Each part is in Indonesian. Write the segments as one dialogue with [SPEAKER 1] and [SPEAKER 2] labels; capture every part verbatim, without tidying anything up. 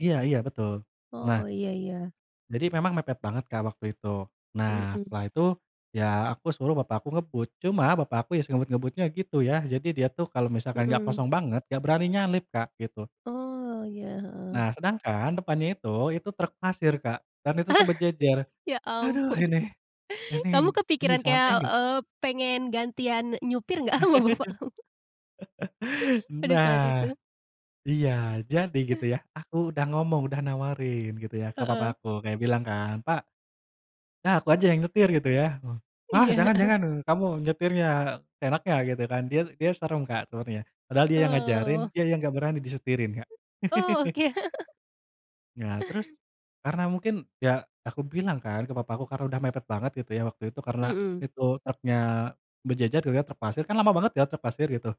[SPEAKER 1] Iya iya, betul.
[SPEAKER 2] Oh,
[SPEAKER 1] Nah,
[SPEAKER 2] ya ya.
[SPEAKER 1] jadi memang mepet banget Kak waktu itu. Nah
[SPEAKER 2] Mhm.
[SPEAKER 1] setelah itu, ya aku suruh Bapak aku ngebut. Cuma Bapak aku, ya sengebut-ngebutnya gitu ya. Jadi dia tuh kalau misalkan nggak
[SPEAKER 2] Mhm.
[SPEAKER 1] kosong banget, nggak beraninya nyalip Kak, gitu.
[SPEAKER 2] Oh, ya. Heeh.
[SPEAKER 1] Nah sedangkan depannya itu, itu truk pasir Kak. Dan itu tuh berjejer.
[SPEAKER 2] Ya
[SPEAKER 1] Aduh
[SPEAKER 2] ampun.
[SPEAKER 1] ini, ini
[SPEAKER 2] Kamu
[SPEAKER 1] ini
[SPEAKER 2] kepikiran kayak,
[SPEAKER 1] sampai nggak?
[SPEAKER 2] eee, pengen gantian nyupir nggak sama bapakmu pada saat
[SPEAKER 1] Nah,
[SPEAKER 2] itu?
[SPEAKER 1] iya, jadi gitu
[SPEAKER 2] Eh.
[SPEAKER 1] ya, aku udah ngomong, udah nawarin gitu ya, ke papa
[SPEAKER 2] Heeh.
[SPEAKER 1] aku kayak bilang kan, "Pak, udah aku aja yang nyetir" gitu ya. "Wah,
[SPEAKER 2] Iya,
[SPEAKER 1] jangan
[SPEAKER 2] heeh.
[SPEAKER 1] jangan. Kamu, nyetirnya seenaknya" Gitu kan. Dia dia serem Kak sebenarnya. Padahal dia yang ngajarin,
[SPEAKER 2] Oh.
[SPEAKER 1] dia yang nggak berani disetirin Kak.
[SPEAKER 2] Oh, oke.
[SPEAKER 1] Nah terus, karena mungkin, ya aku bilang kan ke papaku karena udah mepet banget, gitu ya, waktu itu, karena
[SPEAKER 2] Mhm.
[SPEAKER 1] itu truknya berjejer gitu ya, truk pasir. Kan lama banget ya, truk pasir gitu.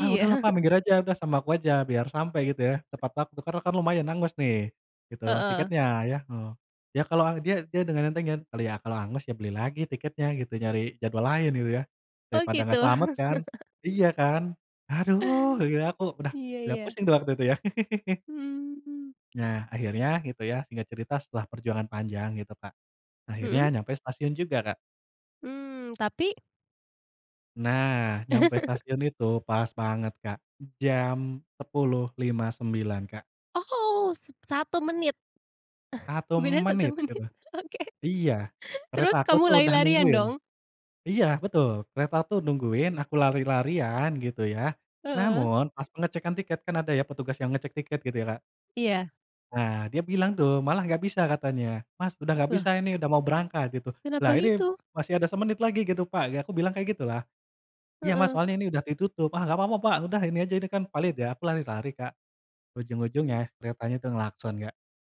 [SPEAKER 1] "Ah, udahlah Pak minggir aja. Udah sama aku aja" Biar sampai gitu ya, tepat waktu. Karena kan lumayan hangus nih, gitu,
[SPEAKER 2] Heeh.
[SPEAKER 1] tiketnya ya heeh. Ya kalau dia dia dengan entengnya, "ya kalau hangus ya beli lagi tiketnya" gitu. "Nyari jadwal lain" gitu ya.
[SPEAKER 2] Oh
[SPEAKER 1] "Daripada
[SPEAKER 2] gitu?
[SPEAKER 1] nggak selamat kan? Iya kan?" aduh. gitu ya, aku udah
[SPEAKER 2] Iya
[SPEAKER 1] udah
[SPEAKER 2] iya.
[SPEAKER 1] pusing tuh waktu itu ya.
[SPEAKER 2] Hmm.
[SPEAKER 1] Nah akhirnya, gitu ya singkat cerita setelah perjuangan panjang gitu Kak, akhirnya
[SPEAKER 2] Mhm.
[SPEAKER 1] nyampe stasiun juga Kak.
[SPEAKER 2] Hmm, tapi
[SPEAKER 1] Nah, nyampe stasiun itu pas banget Kak. jam sepuluh lima puluh sembilan menit Kak.
[SPEAKER 2] Oh, satu menit?
[SPEAKER 1] satu
[SPEAKER 2] Beda satu
[SPEAKER 1] menit
[SPEAKER 2] menit?
[SPEAKER 1] gitu.
[SPEAKER 2] Oke.
[SPEAKER 1] Iya,
[SPEAKER 2] Terus
[SPEAKER 1] kereta aku
[SPEAKER 2] kamu
[SPEAKER 1] tuh udah
[SPEAKER 2] lari-larian
[SPEAKER 1] nungguin.
[SPEAKER 2] dong?
[SPEAKER 1] Iya, betul. Kereta tuh nungguin, aku lari-larian gitu ya,
[SPEAKER 2] Heeh.
[SPEAKER 1] namun pas pengecekan tiket kan ada ya petugas yang ngecek tiket gitu ya Kak.
[SPEAKER 2] Iya.
[SPEAKER 1] Nah, dia bilang tuh, malah nggak bisa katanya. "Mas, udah nggak
[SPEAKER 2] Loh?
[SPEAKER 1] bisa ini, udah mau berangkat," gitu.
[SPEAKER 2] Kenapa
[SPEAKER 1] "Lah ini
[SPEAKER 2] gitu?
[SPEAKER 1] masih ada semenit lagi gitu Pak." Ya aku bilang kayak gitulah. "Iya Mas
[SPEAKER 2] Heeh.
[SPEAKER 1] soalnya ini udah ditutup", "ah nggak apa apa Pak. Udah ini aja ini kan valid ya." Aku lari-lari Kak.
[SPEAKER 2] Mmm.
[SPEAKER 1] Ujung-ujungnya keretanya udah ngelakson Kak.